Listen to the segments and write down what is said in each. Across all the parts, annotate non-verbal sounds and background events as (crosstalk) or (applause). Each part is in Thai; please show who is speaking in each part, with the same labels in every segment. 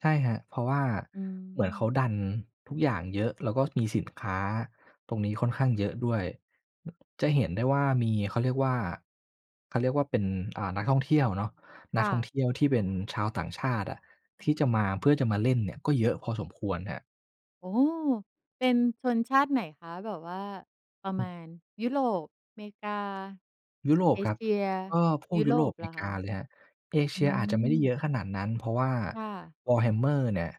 Speaker 1: ใช่ครับ เพราะว่า
Speaker 2: อื
Speaker 1: เหมือนเขา
Speaker 2: ม
Speaker 1: ดันทุกอย่างเยอะ แล้วก็มีสินค้าตรงนี้ค่อนข้างเยอะด้วย จะเห็นได้ว่ามี เขาเรียกว่า เขาเรียกว่าเป็น อ่า นักท่องเที่ยวอะเนาะ
Speaker 2: ค
Speaker 1: นัก
Speaker 2: ่
Speaker 1: ท่องเท
Speaker 2: ะ
Speaker 1: ี่ยวที่เป็นชาวต่างชาติอะที่จะมา เพื่อจะมาเล่นเนี่ยก็เยอะพอสมควรครับ
Speaker 2: โอ้โฮ เป็นชนชาติไหนคะ? แบบว่าประมาณ ยุโรป อเมริกา
Speaker 1: ยุโร
Speaker 2: เ
Speaker 1: ป
Speaker 2: อ
Speaker 1: ครั
Speaker 2: เ
Speaker 1: บ
Speaker 2: ชีย
Speaker 1: ก็พว
Speaker 2: ย
Speaker 1: ก
Speaker 2: ุ
Speaker 1: ย
Speaker 2: โ
Speaker 1: ุ
Speaker 2: ร
Speaker 1: โร
Speaker 2: ป
Speaker 1: ป อ
Speaker 2: เ
Speaker 1: เ
Speaker 2: ห
Speaker 1: ม
Speaker 2: รอ
Speaker 1: ริ
Speaker 2: ค
Speaker 1: ก
Speaker 2: ะ?
Speaker 1: าเลยครับ เอเ
Speaker 2: อ
Speaker 1: ช
Speaker 2: ื
Speaker 1: ียอาจจะไม่ได้เย
Speaker 2: ม
Speaker 1: อะขนาดนั้น เพราะว่า
Speaker 2: ค่ะ
Speaker 1: Warhammer เนี่ย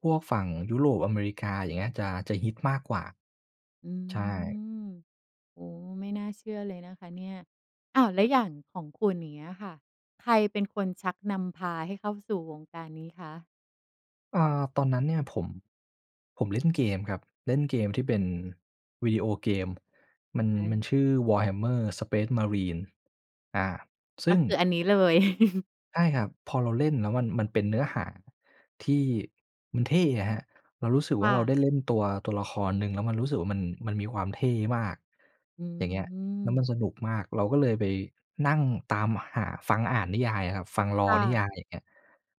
Speaker 1: พวกฝั่งยุโรป อเมริกา อย่างเงี้ย จะ จะฮิตมากกว่า
Speaker 2: อื
Speaker 1: ใช่
Speaker 2: ม โอ้โฮ ไม่น่าเชื่อเลยนะคะเนี่ย อ้าว แล้วอย่างของคุณ อย่างเงี้ยค่ะ ใครเป็นคนชักนำ พาให้เข้าสู่วงการนี้คะ?
Speaker 1: เออ ตอนนั้นเนี่ยผม ผมเล่นเกมครับ เล่นเกมที่เป็นวิดีโอเกม มัน
Speaker 2: ใช
Speaker 1: มัน
Speaker 2: ่
Speaker 1: ชื่อ Warhammer Space Marine อา ซ
Speaker 2: ก
Speaker 1: ึ
Speaker 2: ็
Speaker 1: ่ง
Speaker 2: คืออันนี้เลย (chuckles)
Speaker 1: ใช่ครับ พอเราเล่นแล้วมัน มันเป็นเนื้อหาที่มันเท่อะครับ เรารู้สึก
Speaker 2: ค
Speaker 1: ว่
Speaker 2: ่
Speaker 1: า เรา
Speaker 2: ะ
Speaker 1: ได้เล่นตัว ตัวละครหนึ่งแล้วมันรู้สึกว่า มัน มันมีความเท่มาก
Speaker 2: อื
Speaker 1: อย่างเงี้ย แล้วมั
Speaker 2: ม
Speaker 1: นสนุกมาก เราก็เลยไปนั่งตามหาฟังอ่านนิยายอะครับ ฟัง
Speaker 2: ค
Speaker 1: Lore
Speaker 2: ่
Speaker 1: นิย
Speaker 2: ะ
Speaker 1: าย อย่างเงี้ย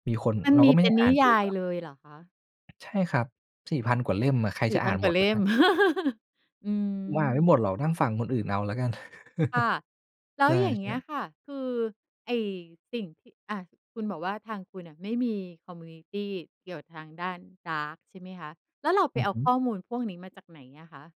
Speaker 1: มีคน
Speaker 2: มัน
Speaker 1: เรา
Speaker 2: ม
Speaker 1: ก็
Speaker 2: ี
Speaker 1: ไม่
Speaker 2: เป
Speaker 1: ได
Speaker 2: ็
Speaker 1: ้
Speaker 2: น
Speaker 1: อ
Speaker 2: น
Speaker 1: ่า
Speaker 2: ิ
Speaker 1: นเ
Speaker 2: ย
Speaker 1: อง
Speaker 2: าย
Speaker 1: หรอก
Speaker 2: เลยหรอคะ?
Speaker 1: ใช่ครับ 4,000 กว่าเล่มอะ ใคร
Speaker 2: สี
Speaker 1: จ
Speaker 2: ่
Speaker 1: ะอ
Speaker 2: พ
Speaker 1: ่า
Speaker 2: ัน
Speaker 1: น
Speaker 2: ก
Speaker 1: ห
Speaker 2: ว
Speaker 1: ม
Speaker 2: ่า
Speaker 1: ด
Speaker 2: เล
Speaker 1: ล่ะ
Speaker 2: ่
Speaker 1: คร
Speaker 2: ม
Speaker 1: ับ
Speaker 2: (chuckles) อื
Speaker 1: ผมอ่านไม่หม
Speaker 2: ม
Speaker 1: ดหรอก นั่งฟังคนอื่นเอาแล้วกัน
Speaker 2: ค่ะ
Speaker 1: (chuckles)
Speaker 2: แล้
Speaker 1: ใช
Speaker 2: ว
Speaker 1: ่
Speaker 2: อย่างเง
Speaker 1: ๆ แ
Speaker 2: ี
Speaker 1: บ
Speaker 2: ้ย
Speaker 1: บ
Speaker 2: ค่ะ คือไอ้สิ่งที่ อะ คุณบอกว่า ทางคุณน่ะไม่มีคอมมิวนิตีเกี่ยวกับทางด้านการ์ดใช่ไหมคะ? แล้วเราไ
Speaker 1: อ
Speaker 2: ป
Speaker 1: ือ
Speaker 2: เอา
Speaker 1: ฮึ
Speaker 2: ข้อมูลพวกนี้มาจากไหนอะคะ?